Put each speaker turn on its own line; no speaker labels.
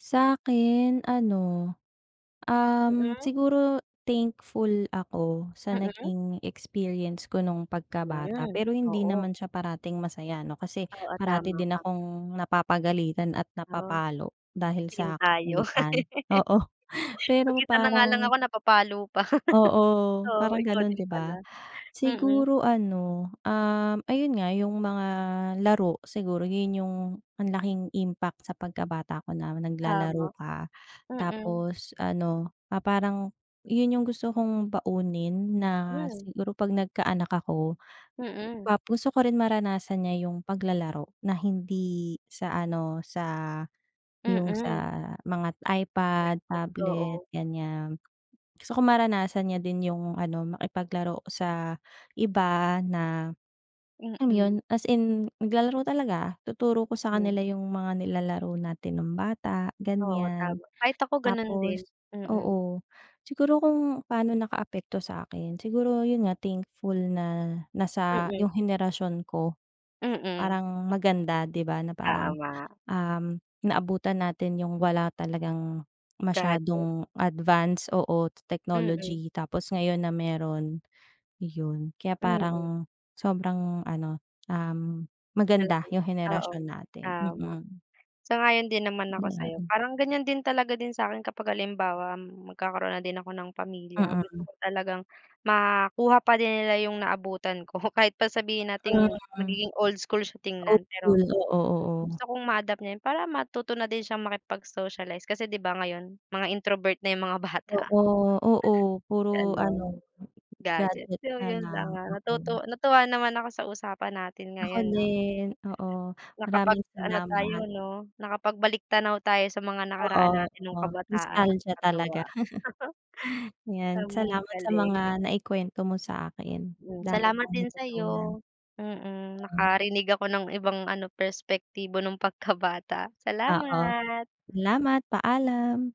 Sa'kin ano, um,
Mm.
siguro thankful ako sa
Mm.
naging experience ko nung pagkabata
Hmm,
pero hindi
oo.
naman siya parating masaya ‘no kasi,
Oo,
parati
tama
din
ka.
akong napapagalitan at
Ah,
napapalo dahil
same
sa
tayo.
kakulitan. Oo, pero
Mag-isa na nga lang
parang
ako napapalo pa.
Oo,
Oo,
parang
ikaw
ganon
din
'di
pala.
ba.
Mm.
Siguro ano, um, ayun nga, yung mga laro, siguro yun yung ang laking impact sa pagkabata ko na naglalaro
Tama,
ka,
mm.
tapos ano, na parang yun yung gusto kong baunin na
Hmm.
siguro pagka nagkaanak ako.
Mm.
Tapos gusto rin maranasan niya yung paglalaro na hindi sa ano, sa yung sa
Mm.
mga iPad,
Gadget,
tablet,
oo.
ganiyan. Gusto ko maranasan niya din yung ano, makipaglaro sa iba na, um,
Mm.
yun as in naglalaro talaga. Tuturo ko sa
Mm.
kanila yung mga nilalaro natin nung bata,
Oo,
ganiyan.
tama. Kahit ako ganun din,
Tapos
mm.
oo, siguro kung pa'no nakaapekto sa akin, siguro yun nga thankful na nasa
Mm.
yung henerasyon ko,
Mm.
parang maganda 'di ba na parang,
Tama.
um, naabutan natin yung wala talagang
Gadget.
masyadong advance, oo,
Mm.
technology tapos ngayon na meron, yun. Kaya
Mm.
parang sobrang ano, um, maganda
Malaki,
yung
oo
henerasyon natin,
tama.
mm.
Sang-ayon din naman ako sa’yo.
‘Yan.
Parang ganiyan din talaga din sa'kin kapag halimbawa magkakaroon na din ako ng pamilya, gusto
Mm.
ko talagang makuha pa din nila yung naabutan ko kahit pa sabihin nating
Mm.
magiging old school siya tingnan.
Hopeful.
Pero
Oo, oo.
gusto kong ma-adopt na yun, para matuto na din siyang makipag-socialize kasi 'di ba ngayon mga introvert na yung mga bata.
Oo, oo. Puro ano,
Gano’n. Gadget,
gadget
so
na
yun lang,
lang.
ah,
Oo.
natutu natuwa naman ako sa usapan natin
Ako
ngayon, ah.
din. Oo, maraming
Nakapag-ano tayo
salamat.
'no, nakapagbaliktanaw tayo sa mga
Oo,
nakaraan natin nung
oo.
kabataan
Nostalgia talaga.
nakakatuwa.
‘Yan
Ang
salamat sa
galing.
mga naikwento mo saakin,
Hmm,
dami
salamat
kong
din
natutunan.
sa’yo. Mm,
Hmm
nakarinig ako ng ibang ano, perspektibo nung pagkabata.
Oo.
Salamat.
Salamat, paalam.